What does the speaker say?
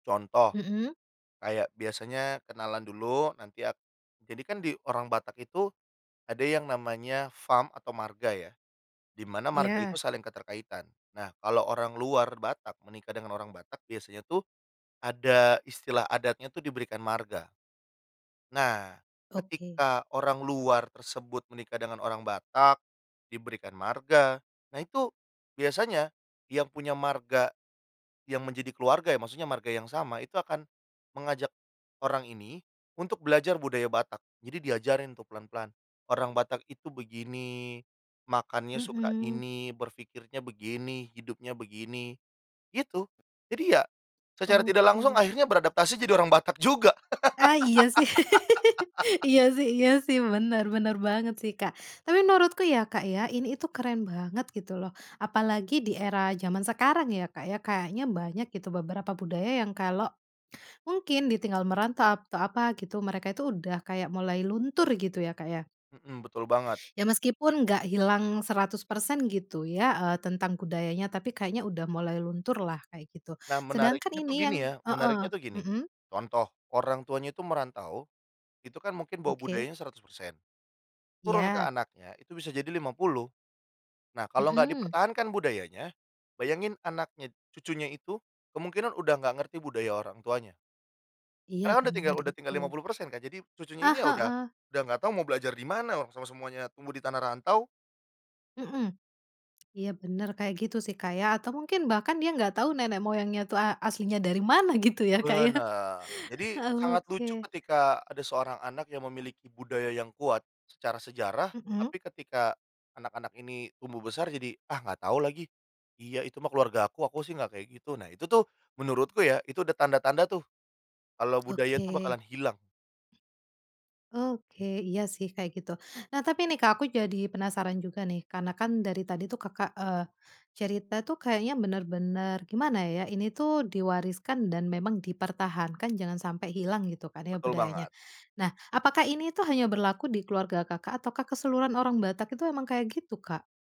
Contoh, Mmm. kayak biasanya kenalan dulu nanti a jadikan di orang Batak itu ada yang namanya fam atau marga ya, di mana marga itu Ya. saling keterkaitan. Nah kalau orang luar Batak menikah dengan orang Batak biasanya tuh ada istilah adatnya tuh diberikan marga. Nah Oke. ketika orang luar tersebut menikah dengan orang Batak diberikan marga, nah itu biasanya yang punya marga, yang menjadi keluarga ya, maksudnya marga yang sama itu akan mengajak orang ini untuk belajar budaya Batak. Jadi diajarin tuh pelan-pelan. Orang Batak itu begini, makannya suka Mmm. ini, berfikirnya begini, hidupnya begini, gitu. Jadi ya, secara tidak langsung Oke. akhirnya beradaptasi jadi orang Batak juga. Ah iya sih, iya sih iya sih, bener bener banget sih, Kak, tapi menurutku ya, Kak, ya ini itu keren banget gitu loh, apalagi di era zaman sekarang ya, Kak, ya kayaknya banyak gitu beberapa budaya yang kalau mungkin ditinggal merantau atau apa gitu mereka itu udah kayak mulai luntur gitu ya, Kak, ya. Mmm, betul banget. Ya meskipun gak hilang 100% gitu ya, eee, tentang budayanya tapi kayaknya udah mulai luntur lah kayak gitu Nah sedangkan menariknya tuh ini gini yang ya, heeh, menariknya tuh gini, mmm? contoh orang tuanya itu merantau itu kan mungkin bawa Oke. budayanya 100% turun ke Iya. anaknya itu bisa jadi 50 nah kalau nggak Mmm. dipertahankan budayanya, bayangin anaknya cucunya itu kemungkinan udah nggak ngerti budaya orang tuanya. Iya Karena kan udah tinggal bener udah tinggal lima itu. puluh persen Kak, jadi cucunya Ah ini ya udah heeh. udah gak tau mau belajar di mana, orang semua-semuanya tumbuh di tanah rantau. Mmm, iya bener kayak gitu sih, Kak, ya, atau mungkin bahkan dia enggak tahu nenek moyangnya itu a aslinya dari mana gitu ya, Kak, ya, Benar, jadi heeh sangat oke. lucu ketika ada seorang anak yang memiliki budaya yang kuat secara sejarah, Mmm. tapi ketika anak-anak ini tumbuh besar jadi "Ah gak tau lagi, iya itu mah keluargaku, aku sih gak kayak gitu," nah itu tuh, menurutku ya itu ada tanda-tanda tuh, kalau budaya itu Oke. bakalan hilang. Oke, iya sih kayak gitu. Nah tapi nih, Kak, aku jadi penasaran juga nih karena kan dari tadi tuh Kakak, eee, cerita tuh kayaknya bener-bener gimana ya, ini tuh diwariskan dan memang dipertahankan jangan sampai hilang gitu kan ya Betul banget. budayanya. Nah apakah ini tuh hanya berlaku di keluarga Kakak ataukah keseluruhan orang Batak itu emang kayak gitu, Kak?